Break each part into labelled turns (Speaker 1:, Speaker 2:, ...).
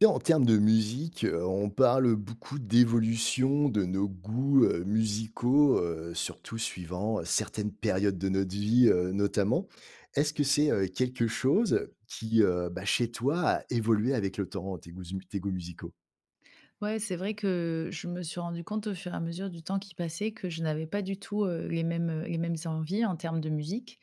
Speaker 1: Et en termes de musique, heu, on parle beaucoup d'évolution de nos goûts, heu, musicaux, heu, surtout suivant, heu, certaines périodes de notre vie, heu, notamment. Est-ce que c'est, heu, quelque chose qui, heu, bah, chez toi a évolué avec le temps, tes goûts tes goûts musicaux?
Speaker 2: Ouais, c'est vrai que je me suis rendu compte, au fur et à mesure du temps qui passait, que je n'avais pas du tout, heu, les mêmes les mêmes envies, en termes de musique.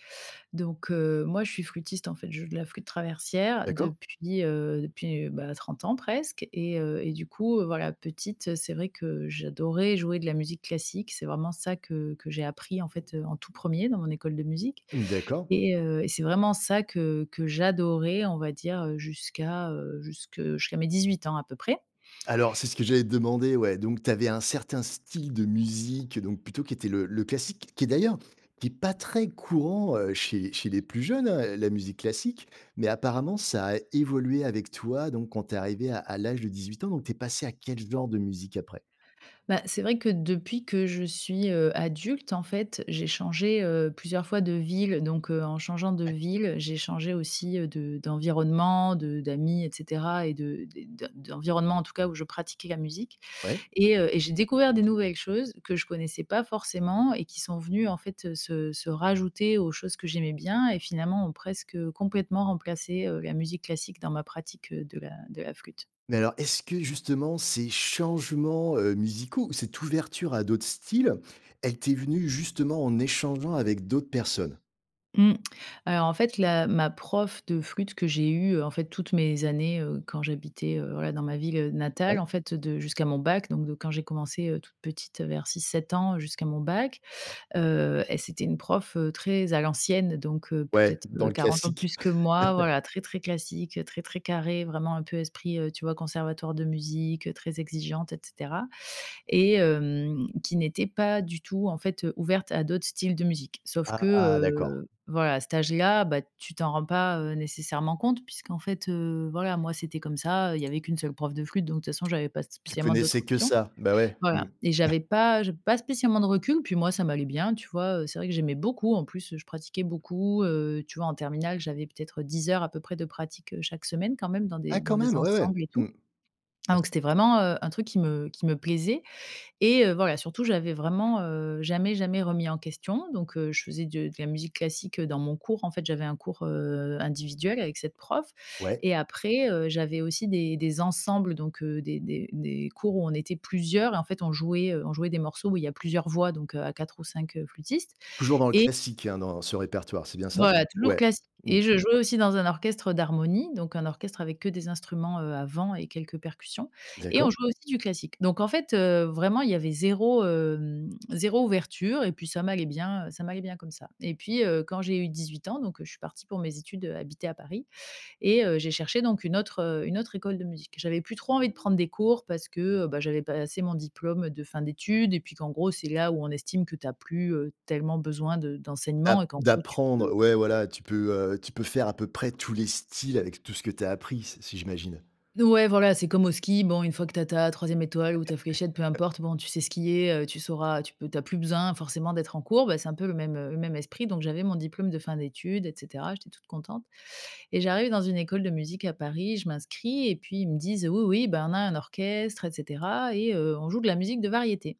Speaker 2: Donc, heu, moi je suis flutiste en fait, je joue de la flûte traversière
Speaker 1: D'accord.
Speaker 2: depuis, heu, depuis, heu, bah, 30 ans presque et heu et du coup, heu, voilà petite, c'est vrai que j'adorais jouer de la musique classique, c'est vraiment ça que que j'ai appris en fait, heu, en tout 1er dans mon école de musique
Speaker 1: Mmh, d'accord.
Speaker 2: et heu et c'est vraiment ça que que j'adorais, on va dire, heu, jusqu'à, heu jusque jusqu'à mes dix-huit ans à peu près.
Speaker 1: Alors c'est ce que j'allais te demander, ouais, donc tu avais un certain style de musique, donc plutôt qui était le le classique, qui est d'ailleurs, qui est pas très courant, heu, chez chez les plus jeunes, heu, la musique classique. Mais apparemment, ça a évolué avec toi. Donc quand tu es arrivée à à l'âge de 18 ans, donc tu es passée à quelle genre de musique après?
Speaker 2: Bah, c'est vrai que, depuis que je suis, heu, adulte en fait, j'ai changé, heu, plusieurs fois de ville, donc, heu, en changeant de
Speaker 1: Ouais.
Speaker 2: ville, j'ai changé aussi, heu, de d'environnement, de d'amis et cetera et de de d'environnement, en tout cas où je pratiquais la musique
Speaker 1: Ouais.
Speaker 2: et heu et j'ai découvert des nouvelles choses que je connaissais pas forcément et qui sont venues en fait, heu, se se rajouter aux choses que j'aimais bien, et finalement ont presque, heu, complètement remplacé, heu, la musique classique dans ma pratique heu de la de la flûte.
Speaker 1: Mais alors, est-ce que, justement, ces changements, heu, musicaux ou cette ouverture à d'autres styles, elle t'est venue, justement, en échangeant avec d'autres personnes?
Speaker 2: Mmh. Alors en fait la ma prof de flûte que j'ai eue, heu, en fait toutes mes années, heu, quand j'habitais, heu, voilà dans ma ville natale.
Speaker 1: Ouais.
Speaker 2: En fait de jusqu'à mon bac, donc de quand j'ai commencé, heu, toute petite vers 6-7 ans jusqu'à mon bac, heu, et c'était une prof, heu, très à l'ancienne donc, heu,
Speaker 1: Ouais,
Speaker 2: peut-être,
Speaker 1: dans
Speaker 2: heu,
Speaker 1: le
Speaker 2: 40 ans de
Speaker 1: classique.
Speaker 2: plus que moi voilà très, très classique, très, très carrée, vraiment un peu esprit, heu, tu vois conservatoire de musique, très exigeante et cetera, et hem, qui n'était pas du tout en fait, heu, ouverte à d'autres styles de musique. Sauf que
Speaker 1: Ah, d'accord.
Speaker 2: heu, voilà à cet âge-là, bah, tu t'en rends pas, heu, nécessairement compte puisqu'en fait, heu, voilà moi c'était comme ça, heu, il y avait qu'une seule prof de flûte donc de toute façon
Speaker 1: T
Speaker 2: j'avais pas
Speaker 1: tu
Speaker 2: spécialement d'autres
Speaker 1: connaissais que
Speaker 2: options,
Speaker 1: ça. Bah, ouais. Mmh.
Speaker 2: voilà. Et j'avais pas j'avais pas spécialement de recul puis moi ça m'allait bien tu vois, heu, c'est vrai que j'aimais beaucoup en plus je pratiquais beaucoup heu, tu vois en terminale j'avais peut-être 10 heures à peu près de pratique, heu, chaque semaine quand même dans des
Speaker 1: Ah
Speaker 2: dans
Speaker 1: quand
Speaker 2: des
Speaker 1: même! Ouais.
Speaker 2: ensembles et
Speaker 1: Mmh.
Speaker 2: tout. Hein,
Speaker 1: As
Speaker 2: donc c'était vraiment, heu, un truc qui me qui me plaisait et heu, voilà surtout j'avais vraiment, heu, jamais, jamais remis en question, donc, heu, je faisais de de la musique classique dans mon cours, en fait j'avais un cours, heu, individuel avec cette prof
Speaker 1: Ouais.
Speaker 2: et après, heu, j'avais aussi des des ensembles donc des des des cours où on était plusieurs, et en fait on jouait, heu on jouait des morceaux où il y a plusieurs voix donc, heu, à 4 ou 5 flûtistes
Speaker 1: Toujours dans le
Speaker 2: et
Speaker 1: classique, hein, dans ce répertoire, c'est bien ça?
Speaker 2: Voilà toujours
Speaker 1: Ouais.
Speaker 2: class
Speaker 1: Mmh.
Speaker 2: et je jouais aussi dans un orchestre, heu, d'harmonie, donc un orchestre avec que des instruments, heu, à vent et quelques percussions, et on
Speaker 1: D'accord.
Speaker 2: jouait aussi du classique. Donc en fait, heu, vraiment il y avait 0, hem, 0 ouverture et puis ça m'allait bien heu ça m'allait bien comme ça. Et puis, heu, quand j'ai eu 18 ans, donc, heu, je suis partie pour mes études, heu, habiter à Paris et heu, j'ai cherché donc une autre heu une autre école de musique. J'avais plus trop envie de prendre des cours parce que, heu, bah j'avais passé mon diplôme de fin d'études et puis qu'en gros c'est là où on estime que tu as plus, heu, tellement besoin de
Speaker 1: D'ap
Speaker 2: d'enseignement et qu'en gros tu peux
Speaker 1: d'apprendre. Ouais, voilà, tu peux, heu tu peux faire à peu près tous les styles avec tout ce que tu as appris, s si j'imagine.
Speaker 2: N ouais voilà c'est comme au ski, bon une fois que tu as ta 3e étoile ou ta fléchette peu importe, bon tu sais skier, heu, tu sauras, tu peux tu as plus besoin forcément d'être en cours, bah c'est un peu le même, heu, le même esprit donc j'avais mon diplôme de fin d'études et cetera. J'étais toute contente. Et j'arrive dans une école de musique à Paris, je m'inscris et puis ils me disent: «Oui, oui, bah, on a un orchestre et cetera et heu, on joue de la musique de variété».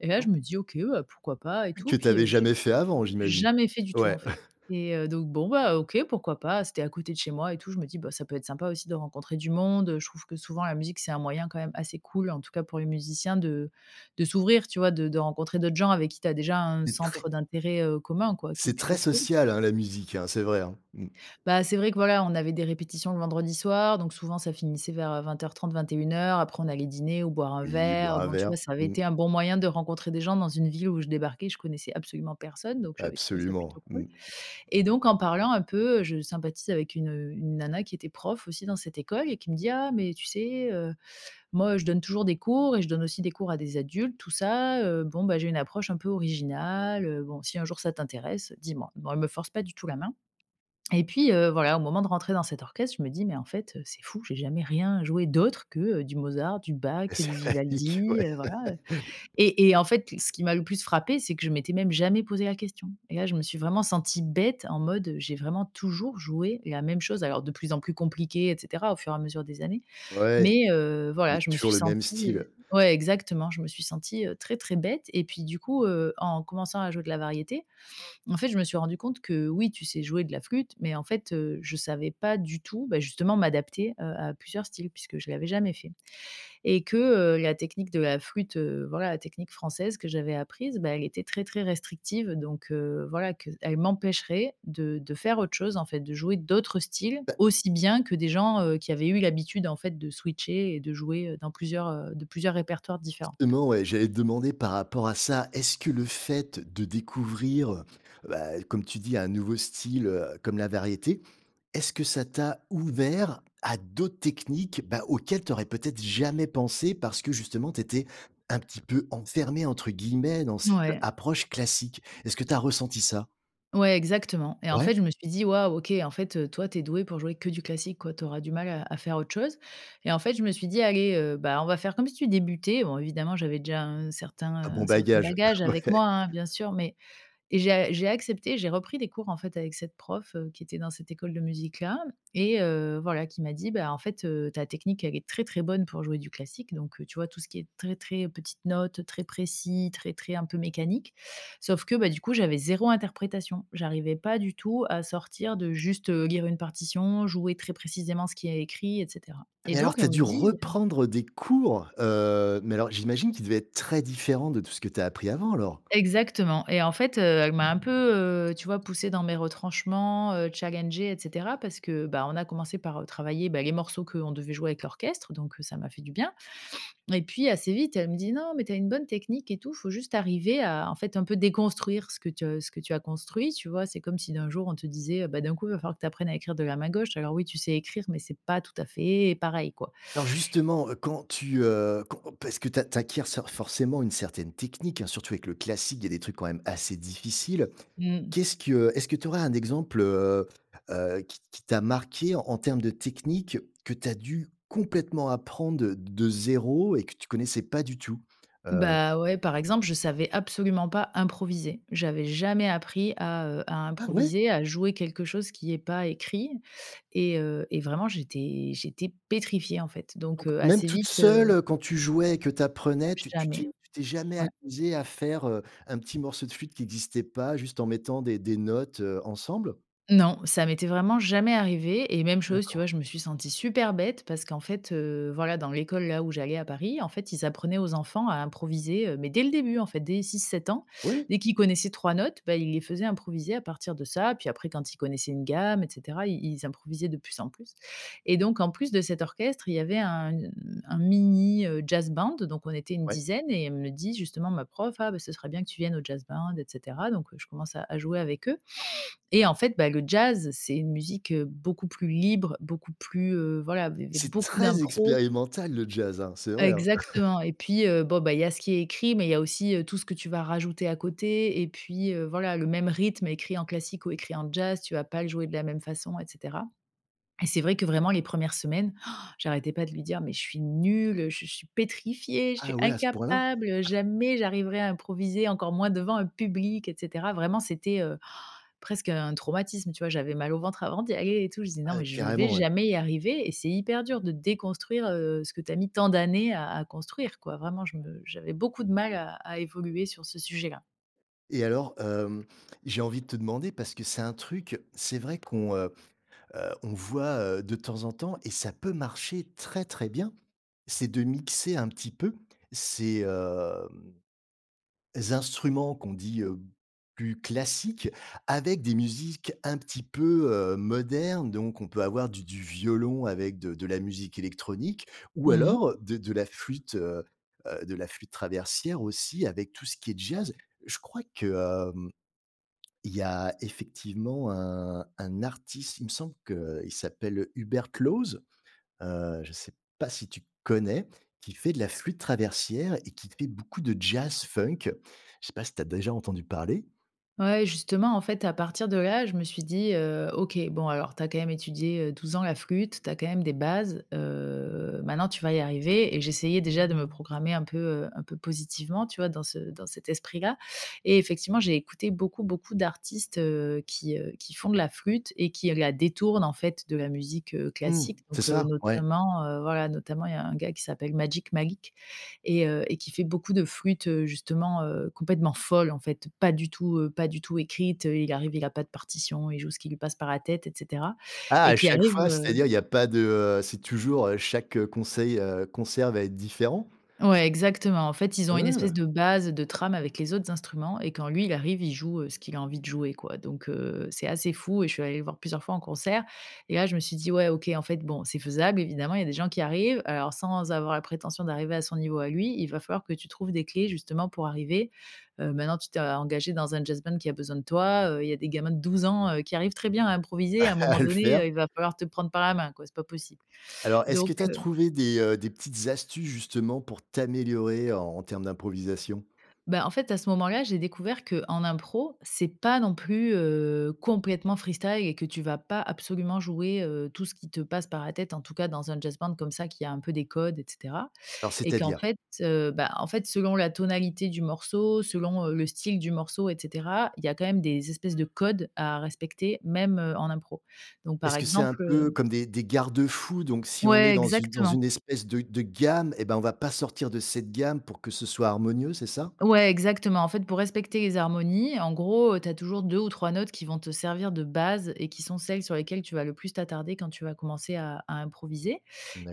Speaker 2: Et là
Speaker 1: Ah!
Speaker 2: je me dis: «OK bah pourquoi pas et tout
Speaker 1: Que tu
Speaker 2: puis».
Speaker 1: avais
Speaker 2: Heu, j'ai
Speaker 1: jamais fait avant, j'imagine.
Speaker 2: jamais fait du tout
Speaker 1: Ouais.
Speaker 2: en fait. Et heu, donc bon bah, OK, pourquoi pas? C'était à côté de chez moi et tout je me dis: «Bah ça peut être sympa aussi de rencontrer du monde». Je trouve que souvent la musique c'est un moyen quand même assez cool en tout cas pour les musiciens de de s'ouvrir tu vois de de rencontrer d'autres gens avec qui tu as déjà un
Speaker 1: C'est très
Speaker 2: centre d'intérêt, heu, commun quoi qui est
Speaker 1: c'est très
Speaker 2: plutôt cool.
Speaker 1: social, hein, la musique hein c'est vrai hein. Mmh.
Speaker 2: Bah, c'est vrai que voilà on avait des répétitions le vendredi soir donc souvent ça finissait vers, heu, 20:30 21:00 Après on allait dîner ou boire un
Speaker 1: Oui,
Speaker 2: verre,
Speaker 1: boire un
Speaker 2: bon tu
Speaker 1: verre.
Speaker 2: vois ça avait
Speaker 1: Mmh.
Speaker 2: été un bon moyen de rencontrer des gens dans une ville où je débarquais, je connaissais absolument personne donc j'avais trouvé ça
Speaker 1: Absolument,
Speaker 2: plutôt cool.
Speaker 1: mmh.
Speaker 2: Et donc en parlant un peu, heu, je sympathise avec une une nana qui était prof aussi dans cette école et qui me dit: «Ah, mais tu sais heu, moi, heu, je donne toujours des cours et je donne aussi des cours à des adultes tout ça heu, bon bah, j'ai une approche un peu originale, heu, bon si un jour ça t'intéresse, dis-moi». Bon elle me force pas du tout la main. Et puis, heu, voilà au moment de rentrer dans cet orchestre, je me dis: «Mais en fait, heu, c'est fou, j'ai jamais rien joué d'autre que, heu, du Mozart, du Bach, du
Speaker 1: [unintelligible]
Speaker 2: Vivaldi,
Speaker 1: ouais.
Speaker 2: heu, voilà, heu». Et et en fait ce qui m'a le plus frappée, c'est que je m'étais même jamais posé la question. Et là, je me suis vraiment sentie bête en mode, j'ai vraiment toujours joué la même chose, alors de plus en plus compliquée, et cetera au fur et à mesure des années.
Speaker 1: Ouais,
Speaker 2: Mais heu, voilà,
Speaker 1: mais
Speaker 2: je me
Speaker 1: toujours
Speaker 2: suis
Speaker 1: le même style.
Speaker 2: sentie ouais exactement, je me suis sentie, heu, très, très bête. Et puis du coup, heu, en commençant à jouer de la variété, en fait je me suis rendu compte que: «oui tu sais jouer de la flûte» mais en fait, heu, je savais pas du tout, bah, justement m'adapter, heu, à plusieurs styles puisque je l'avais jamais fait. Et que heu, la technique de la flûte, heu, voilà la technique française que j'avais apprise, bah, elle était très très restrictive donc, heu, voilà qu'elle m'empêcherait de de faire autre chose en fait de jouer d'autres styles
Speaker 1: Bah
Speaker 2: aussi bien que des gens, heu, qui avaient eu l'habitude en fait de switcher et de jouer, heu, dans plusieurs, heu de plusieurs répertoires différents.
Speaker 1: Non, et j'allais te demander par rapport à ça, est-ce que le fait de découvrir, bah, comme tu dis, un nouveau style, heu, comme la variété, est-ce que ça t'a ouvert à d'autres techniques, bah, auxquelles tu aurais peut-être jamais pensé parce que justement tu étais un petit peu enfermée entre guillemets dans cette
Speaker 2: Ouais.
Speaker 1: approche classique? Est-ce que tu as ressenti ça?
Speaker 2: Ouais, exactement. Et en
Speaker 1: Ouais?
Speaker 2: fait je me suis dit: «Waouh OK En fait, heu, toi tu es douée pour jouer que du classique quoi. Tu auras du mal à à faire autre chose». Et en fait je me suis dit: «Allez heu, bah, on va faire comme si tu débutais». Bon évidemment j'avais déjà un certain
Speaker 1: Un bon
Speaker 2: un certain
Speaker 1: bagage,
Speaker 2: bagage avec
Speaker 1: ouais.
Speaker 2: moi hein bien sûr mais et j'ai a j'ai accepté, j'ai repris des cours en fait avec cette prof, heu, qui était dans cette école de musique-là et heu, voilà qui m'a dit: «Bah en fait, heu, ta technique elle est très, très bonne pour jouer du classique». Donc heu, tu vois tout ce qui est très très petites notes, très précis, très très un peu mécanique. Sauf que bah du coup j'avais 0 interprétation. J'arrivais pas du tout à sortir de juste, heu, lire une partition, jouer très précisément ce qu'il y a écrit et cetera.
Speaker 1: Ah,
Speaker 2: Et
Speaker 1: mais alors
Speaker 2: donc
Speaker 1: tu as
Speaker 2: elle me
Speaker 1: dû
Speaker 2: dit, heu
Speaker 1: reprendre des cours? Heu, mais alors j'imagine qu'ils devaient être très différents de tout ce que tu as appris avant alors?
Speaker 2: Exactement et en fait, heu, elle m'a un peu, heu, tu vois poussée dans mes retranchements, heu, challengée et cetera parce que bah on a commencé par, heu, travailler bah les morceaux qu'on devait jouer avec l'orchestre donc ça m'a fait du bien. Et puis assez vite, elle me dit: «Non, mais tu as une bonne technique et tout, faut juste arriver à en fait un peu déconstruire ce que tu as ce que tu as construit». Tu vois? C'est comme si d'un jour on te disait: «Heu, bah, d'un coup, il va falloir que tu apprennes à écrire de la main gauche». Alors oui, tu sais écrire, mais c'est pas tout à fait pareil quoi.
Speaker 1: Alors justement, heu, quand tu heu qu parce que tu tu acquières sor forcément une certaine technique, hein, surtout avec le classique, il y a des trucs quand même assez difficiles.
Speaker 2: Mmh.
Speaker 1: Qu'est ce que est ce que tu aurais un exemple heu heu, qui qui t'a marquée en en termes de technique que tu as dû complètement apprendre de de 0 et que tu connaissais pas du tout, heu
Speaker 2: Bah, ouais par exemple, je savais absolument pas improviser. J'avais jamais appris à heu à
Speaker 1: .Ah ouais?
Speaker 2: improviser, à jouer quelque chose qui est pas écrit. Et heu et vraiment j'étais j'étais pétrifiée en fait. Donc
Speaker 1: Donc,
Speaker 2: heu,
Speaker 1: même
Speaker 2: assez
Speaker 1: toute
Speaker 2: vite,
Speaker 1: seule,
Speaker 2: heu
Speaker 1: heu, quand tu jouais que tu apprenais tu tu t'es
Speaker 2: Jamais,
Speaker 1: tu t'es jamais
Speaker 2: ouais.
Speaker 1: amusée à faire, heu, un petit morceau de flûte qui existait pas juste en mettant des des notes, heu, ensemble?
Speaker 2: Non, ça m'était vraiment jamais arrivé et même chose, tu
Speaker 1: D'accord.
Speaker 2: vois? Je me suis sentie super bête parce qu'en fait, heu, voilà dans l'école là où j'allais à Paris en fait ils apprenaient aux enfants à improviser, heu, mais dès le début en fait dès 6-7 ans.
Speaker 1: Ouais.
Speaker 2: Dès qu'ils connaissaient 3 notes, bah, ils les faisaient improviser à partir de ça. Puis après quand ils connaissaient une gamme et cetera, i ils improvisaient de plus en plus. Et donc en plus de cet orchestre, il y avait un u une un mini, heu, jazz band, donc on était une
Speaker 1: Ouais.
Speaker 2: dizaine et elle me dit, justement, ma prof: «Ah beh ce serait bien que tu viennes au jazz band, et cetera». Donc je commence à à jouer avec eux. Et en fait, bah, le jazz, c'est une musique, heu, beaucoup plus libre, beaucoup plus, heu, voilà, il y avait
Speaker 1: C'est
Speaker 2: beaucoup
Speaker 1: très
Speaker 2: d'impro
Speaker 1: expérimental le jazz hein! C'est vrai hein!
Speaker 2: Exactement et puis, heu, bon beh, il y a ce qui est écrit, mais il y a aussi, heu, tout ce que tu vas rajouter à côté et puis, heu, voilà. Le même rythme écrit en classique ou écrit en jazz, tu vas pas le jouer de la même façon et cetera. Et c'est vrai que vraiment les 1res semaines, han j'arrêtais pas de lui dire: «Mais je suis nulle, je suis pétrifiée, je suis
Speaker 1: Ah ouais, à ce point-là?
Speaker 2: incapable, jamais j'arriverai à improviser encore moins devant un public, et cetera». Vraiment, c'était, heu, han presque un traumatisme, tu vois? J'avais mal au ventre avant d'y aller et tout. Je disais: «Non,
Speaker 1: Ah!
Speaker 2: mais je ne vais
Speaker 1: Carrément, ouais.
Speaker 2: jamais y arriver». Et c'est hyper dur de déconstruire, heu, ce que tu as mis tant d'années à à construire quoi. Vraiment, je me j'avais beaucoup de mal à à évoluer sur ce sujet-là.
Speaker 1: Et alors, hem, j'ai envie de te demander, parce que c'est un truc, c'est vrai qu'on, heu heu, on voit, heu, de temps en temps- et ça peut marcher très, très bien- c'est de mixer un petit peu, ces, hem, instruments, qu'on dit, heu: «plus classiques», avec des musiques un petit peu, heu, modernes. Donc on peut avoir du du violon avec de de la musique électronique, ou
Speaker 2: Mmh mh.
Speaker 1: alors de de la flûte, heu heu de la flûte traversière aussi, avec tout ce qui est jazz. Je crois que, hem, il y a effectivement un un artiste, il me semble qu'il s'appelle Hubert Claws. Heu, je sais pas si tu connais? Qui fait de la flûte traversière et qui fait beaucoup de jazz funk. Je sais pas si tu as déjà entendu parler?
Speaker 2: Ouais, justement, en fait, à partir de là, je me suis dit, heu: «OK, bon alors tu as quand même étudié, heu, 12 ans la flûte, tu as quand même des bases. Heu, maintenant tu vas y arriver», et j'essayais déjà de me programmer un peu, heu un peu positivement, tu vois, dans ce dans cet esprit-là, et effectivement, j'ai écouté beaucoup, beaucoup d'artistes, heu, qui, heu qui font de la flûte et qui, heu, la détournent, en fait, de la musique, heu,
Speaker 1: Mmh,
Speaker 2: classique.
Speaker 1: c'est
Speaker 2: Donc, heu,
Speaker 1: ça, ouais.
Speaker 2: notamment, heu, voilà notamment, il y a un gars qui s'appelle Magic Malik, et heu, et qui fait beaucoup de flûte, heu, justement, heu, complètement folle, en fait. Pas du tout, heu, pas du tout écrite, heu, il arrive, il a pas de partition, il joue ce qui lui passe par la tête et cetera,
Speaker 1: Ah,
Speaker 2: et
Speaker 1: à
Speaker 2: qui
Speaker 1: chaque
Speaker 2: arrive
Speaker 1: fois?
Speaker 2: heu
Speaker 1: C'est-à-dire, il y a pas de, heu c'est toujours, heu, chaque conseil heu, concert va être différent?
Speaker 2: Ouais, exactement. En fait, ils ont une espèce
Speaker 1: Mmh.
Speaker 2: de base, de trame avec les autres instruments et quand lui, il arrive, il joue, heu, ce qu'il a envie de jouer, quoi. Donc, heu, c'est assez fou et je suis allée le voir plusieurs fois en concert, et là, je me suis dit: «Ouais, OK, en fait, bon, c'est faisable. Evidemment, il y a des gens qui y arrivent, heu, alors sans avoir la prétention d'arriver à son niveau à lui, il va falloir que tu trouves des clés justement pour arriver. Heu, maintenant tu t'es a engagée dans un jazz band qui a besoin de toi. Heu, il y a des gamins de 12 ans, heu, qui arrivent très bien à improviser.
Speaker 1: Ah
Speaker 2: À un moment
Speaker 1: à le
Speaker 2: donné,
Speaker 1: faire.
Speaker 2: heu, il va falloir te prendre par la main, quoi, c'est pas possible.»
Speaker 1: Alors, est-ce que
Speaker 2: Donc,
Speaker 1: tu as
Speaker 2: heu
Speaker 1: trouvé des, heu des petites astuces, justement, pour t'améliorer en en termes d'improvisation?
Speaker 2: Ben, en fait, à ce moment-là, j'ai découvert qu'en impro, c'est pas non plus, heu, complètement freestyle et que tu vas pas absolument jouer, heu, tout ce qui te passe par la tête; en tout cas dans un jazz band comme ça qui a un peu des codes, et cetera,
Speaker 1: Alors,
Speaker 2: et qu'en
Speaker 1: c'est-à-dire?
Speaker 2: fait Heu, ben, en fait, selon la tonalité du morceau, selon, heu, le style du morceau, et cetera, il y a quand même des espèces de codes à respecter, même, heu, en impro. Donc par
Speaker 1: Est-ce que c'est un
Speaker 2: exemple
Speaker 1: peu
Speaker 2: heu
Speaker 1: comme des des garde-fous? Donc si on est
Speaker 2: Ouais,
Speaker 1: dans une dans
Speaker 2: exactement.
Speaker 1: une espèce de de gamme et ben, on va pas sortir de cette gamme pour que ce soit harmonieux? C'est ça?
Speaker 2: Ouais, exactement. En fait, pour respecter les harmonies, en gros, heu, tu as toujours 2 ou 3 notes qui vont te servir de base et qui sont celles sur lesquelles tu vas le plus t'attarder quand tu vas commencer à à improviser,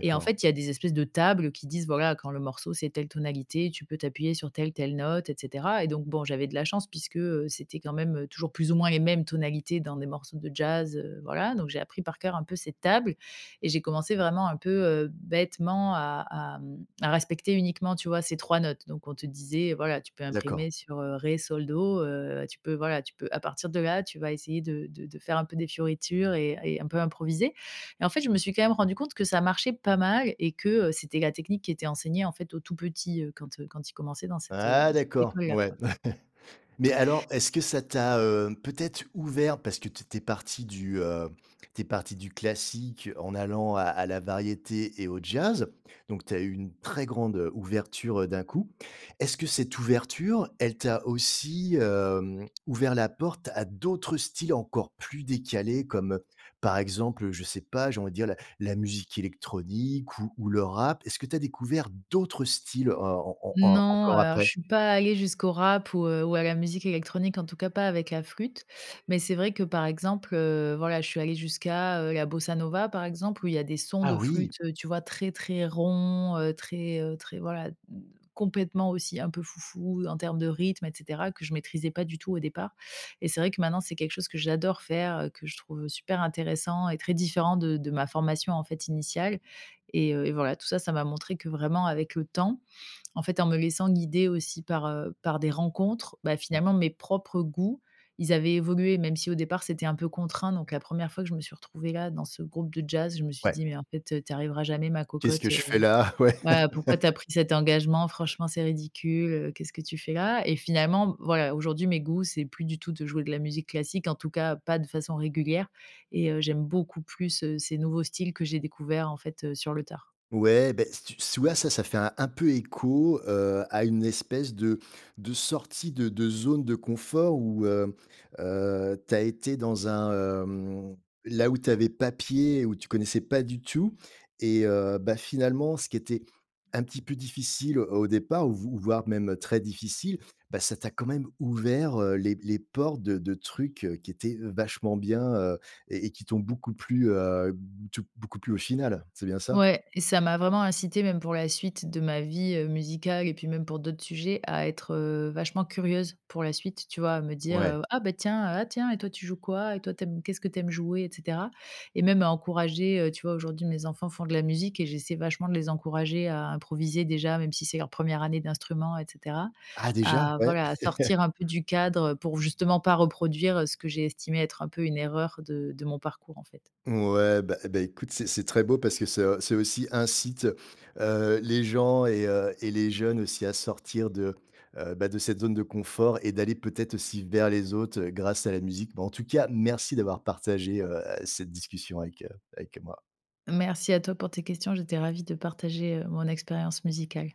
Speaker 2: et, en fait, il y a des espèces de tables qui disent: «Bah, voilà quand le morceau, c'est telle tonalité, tu peux t'appuyer sur telle, telle note, et cetera», et donc bon, j'avais de la chance puisque, heu, c'était quand même toujours plus ou moins les mêmes tonalités dans des morceaux de jazz, heu, voilà. Donc j'ai appris par cœur, un peu, cette table, et j'ai commencé, vraiment, un peu, heu, bêtement à à, mmh, à respecter uniquement, tu vois, ces 3 notes. Donc on te disait: «Voilà, tu peux
Speaker 1: D'accord.
Speaker 2: imprimer sur, heu, ré, sol, do. Heu, tu peux, voilà, tu peux, à partir de là, tu vas essayer de de de faire un peu des fioritures, et un et un peu improviser». Mais, en fait, je me suis quand même rendue compte que ça marchait pas mal, et que, heu, c'était la technique qui était enseignée, en fait, aux tout petits, heu, quand, heu quand ils commençaient dans cette, heu
Speaker 1: Ah
Speaker 2: cette
Speaker 1: d'accord,
Speaker 2: école-là,
Speaker 1: ouais.
Speaker 2: quoi.
Speaker 1: Mais alors, est-ce que ça t'a, heu, peut-être ouvert, parce que tu étais partie du, heu tu es partie du classique en allant à à la variété et au jazz. Donc tu as eu une très grande, heu, ouverture, heu, d'un coup. Est-ce que cette ouverture, elle t'a aussi, hem, ouvert la porte à d'autres styles encore plus décalés comme heu, par exemple, je sais pas, j'ai envie de dire la la musique électronique ou ou le rap? Est-ce que tu as découvert d'autres styles, heu, en en en
Speaker 2: Non. Heu,
Speaker 1: encore
Speaker 2: alors je
Speaker 1: après?
Speaker 2: suis pas allée jusqu'au rap ou heu, ou à la musique électronique, en tout cas, pas avec la flûte. Mais c'est vrai que, par exemple, heu, voilà je suis allée jusqu'à, heu, la bossa nova, par exemple, où il y a des sons
Speaker 1: Ah
Speaker 2: de
Speaker 1: oui!
Speaker 2: flûte, heu, tu vois, très, très ronds, heu, très, heu très voilà d complètement, aussi, un peu foufou, en termes de rythme, et cetera, que je maîtrisais pas du tout, au départ. Et c'est vrai que, maintenant, c'est quelque chose que j'adore faire, que je trouve super intéressant et très différent de de ma formation, en fait, initiale. Et heu et voilà, tout ça, ça m'a montré que vraiment avec le temps, en fait, en me laissant guider aussi par, heu, par des rencontres, bah,
Speaker 1: Mmh.
Speaker 2: finalement, mes propres goûts, ils avaient évolué. Même si, au départ, c'était un peu contraint, donc la 1re fois que je me suis retrouvée là, dans ce groupe de jazz, je me suis
Speaker 1: Ouais.
Speaker 2: dit: «Mais en fait, heu, tu arriveras jamais, ma
Speaker 1: «Qu'est-ce
Speaker 2: cocotte.
Speaker 1: que je
Speaker 2: Heu,
Speaker 1: fais là?» Ouais.
Speaker 2: ben pourquoi tu as pris cet engagement? Franchement, c'est ridicule, heu. Qu'est-ce que tu fais là?» et finalement, voilà, aujourd'hui, mes goûts, c'est plus du tout de jouer de la musique classique, en tout cas, pas de façon régulière, et heu, j'aime beaucoup plus, heu, ces nouveaux styles que j'ai découverts, en fait, heu, sur le tard.
Speaker 1: Ouais. Beh, si tu si tu vois, ça, ça fait un un peu écho, heu, à une espèce de de sortie de de zone de confort où heu heu, tu as été dans un, hem là où tu avais pas pied, où tu connaissais pas du tout. Et heu, bah finalement, ce qui était un petit peu difficile, heu, au départ, ou v voire même très difficile, bah, ça t'a quand même ouvert, heu les les portes de de trucs, heu, qui étaient vachement bien, heu, et et qui t'ont beaucoup plu, heu, b tu beaucoup plus, au final. C'est bien ça?
Speaker 2: Ouais. Et ça m'a vraiment incitée, même pour la suite de ma vie, heu, musicale et puis, même pour d'autres sujets, à être, heu, vachement curieuse, pour la suite, tu vois, à me
Speaker 1: Ouais.
Speaker 2: dire: «Ah ben, tiens ah tiens et toi tu joues quoi? Et toi, tu aimes qu'est-ce que tu aimes jouer, et cetera.» Et même à encourager, heu. Tu vois, aujourd'hui, mes enfants font de la musique et j'essaie vachement de les encourager à improviser déjà, même si c'est leur 1re année d'instrument, et cetera,
Speaker 1: Ah déjà.
Speaker 2: à,
Speaker 1: Ouais.
Speaker 2: voilà, à sortir un peu du cadre pour justement pas reproduire ce que j'ai estimé être un peu une erreur de de mon parcours, en fait.
Speaker 1: Ouais. Ben, eh, ben écoute, c'est c'est très beau parce que c'est, heu, ça aussi, incite, heu, les gens et heu, et les jeunes aussi à sortir de, heu, bah, de cette zone de confort et d'aller peut-être aussi vers les autres, heu, grâce à la musique. Mais en tout cas, merci d'avoir partagé, heu, cette discussion avec, heu avec moi.
Speaker 2: Merci à toi pour tes questions. J'étais ravie de partager, heu, mon expérience musicale.